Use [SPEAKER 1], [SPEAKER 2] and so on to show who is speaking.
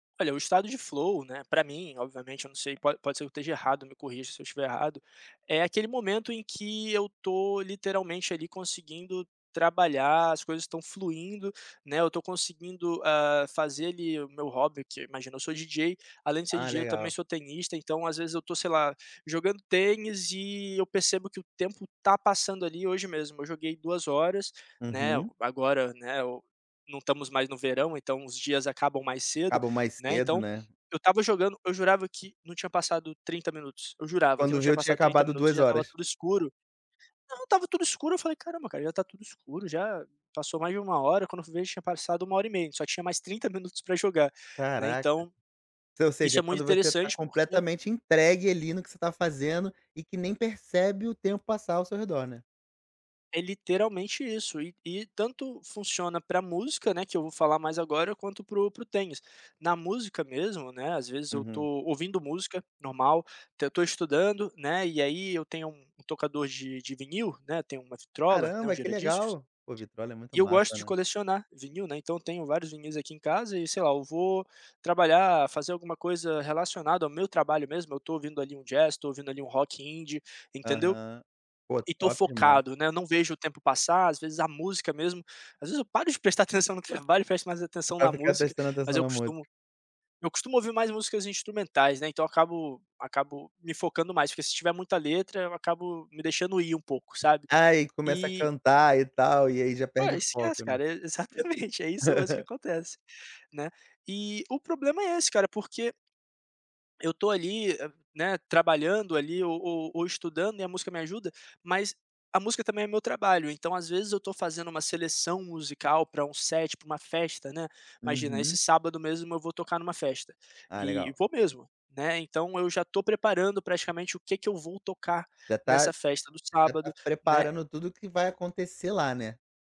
[SPEAKER 1] Olha, o estado de flow, né, para mim, obviamente, eu não sei, pode pode ser que eu esteja errado, me corrija se eu estiver errado, é aquele momento em que eu tô literalmente, ali, conseguindo trabalhar, as coisas estão fluindo, né? Eu tô conseguindo, hã, fazer, ali, o meu hobby, que, imagina, eu sou DJ. Além de ser
[SPEAKER 2] Ah,
[SPEAKER 1] DJ, eu também
[SPEAKER 2] legal!
[SPEAKER 1] sou tenista, então às vezes eu tô, sei lá, jogando tênis e eu percebo que o tempo tá passando, ali. Hoje mesmo, eu joguei 2 horas, né,
[SPEAKER 2] Uhum.
[SPEAKER 1] agora, né, ou não estamos mais no verão, então os dias acabam mais cedo,
[SPEAKER 2] Acaba mais
[SPEAKER 1] né?
[SPEAKER 2] cedo,
[SPEAKER 1] Então,
[SPEAKER 2] né?
[SPEAKER 1] eu estava jogando, eu jurava que não tinha passado 30 minutos, eu jurava que não
[SPEAKER 2] Quando
[SPEAKER 1] tinha
[SPEAKER 2] viu, tinha
[SPEAKER 1] passado 30
[SPEAKER 2] acabado
[SPEAKER 1] minutos e
[SPEAKER 2] 2
[SPEAKER 1] já estava
[SPEAKER 2] horas.
[SPEAKER 1] tudo escuro. Não, estava tudo escuro. Eu falei: "Caramba, cara, já tá tudo escuro, já. Passou mais de 1 hora", quando eu vi já tinha passado 1 hora e meia, a gente só tinha mais 30 minutos pra jogar, né?
[SPEAKER 2] Caraca!
[SPEAKER 1] Então,
[SPEAKER 2] S ou
[SPEAKER 1] isso é
[SPEAKER 2] seja,
[SPEAKER 1] muito
[SPEAKER 2] quando você tá
[SPEAKER 1] interessante, porque
[SPEAKER 2] completamente entregue, ali, no que você tá fazendo, e que nem percebe o tempo passar ao seu redor, né?
[SPEAKER 1] É literalmente isso, e e tanto funciona pra música, né, que eu vou falar mais agora, quanto para o para o tênis. Na música mesmo, né, às vezes eu tô
[SPEAKER 2] Uhum.
[SPEAKER 1] ouvindo música, normal, até eu tô estudando, né, e aí eu tenho um um tocador de de vinil, né, tenho uma vitrola, né, um
[SPEAKER 2] Caramba, que
[SPEAKER 1] gira-discos,
[SPEAKER 2] legal! Pô, vitrola é muito
[SPEAKER 1] e eu gosto
[SPEAKER 2] massa,
[SPEAKER 1] de
[SPEAKER 2] né?
[SPEAKER 1] colecionar vinil, né. Então, eu tenho vários vinis aqui em casa e sei lá, eu vou trabalhar, fazer alguma coisa relacionada ao meu trabalho mesmo, eu tô ouvindo ali um jazz, tô ouvindo ali um rock indie, entendeu?
[SPEAKER 2] Aham. Pô,
[SPEAKER 1] E tô
[SPEAKER 2] top demais!
[SPEAKER 1] focado, né, não vejo o tempo passar. Às vezes, a música mesmo às vezes eu paro de prestar atenção no trabalho e presto mais atenção
[SPEAKER 2] Pra
[SPEAKER 1] na
[SPEAKER 2] ficar
[SPEAKER 1] música,
[SPEAKER 2] prestando
[SPEAKER 1] mas
[SPEAKER 2] atenção
[SPEAKER 1] eu
[SPEAKER 2] na música.
[SPEAKER 1] costumo eu costumo ouvir mais músicas instrumentais, né, então acabo acabo me focando mais, porque se tiver muita letra, eu acabo me deixando ir um pouco, sabe?
[SPEAKER 2] Aí começa a
[SPEAKER 1] E
[SPEAKER 2] cantar e tal, e aí já
[SPEAKER 1] Pô,
[SPEAKER 2] perde o foco,
[SPEAKER 1] esquece,
[SPEAKER 2] né?
[SPEAKER 1] cara! É exatamente, é isso mesmo que acontece, né? E o problema é esse, cara, porque eu tô ali, eh, né, trabalhando ali, ou ou ou estudando e a música me ajuda. Mas a música também é meu trabalho, então, às vezes, eu tô fazendo uma seleção musical, pra um set, pra uma festa, né. Imagina, esse
[SPEAKER 2] Uhum.
[SPEAKER 1] sábado mesmo, eu vou tocar numa festa,
[SPEAKER 2] Ah,
[SPEAKER 1] e
[SPEAKER 2] legal!
[SPEAKER 1] vou mesmo, né. Então, eu já tô preparando praticamente o que que eu vou tocar
[SPEAKER 2] Já tá
[SPEAKER 1] nessa festa do
[SPEAKER 2] já
[SPEAKER 1] sábado,
[SPEAKER 2] tá
[SPEAKER 1] né.
[SPEAKER 2] preparando tudo o que vai acontecer lá, né?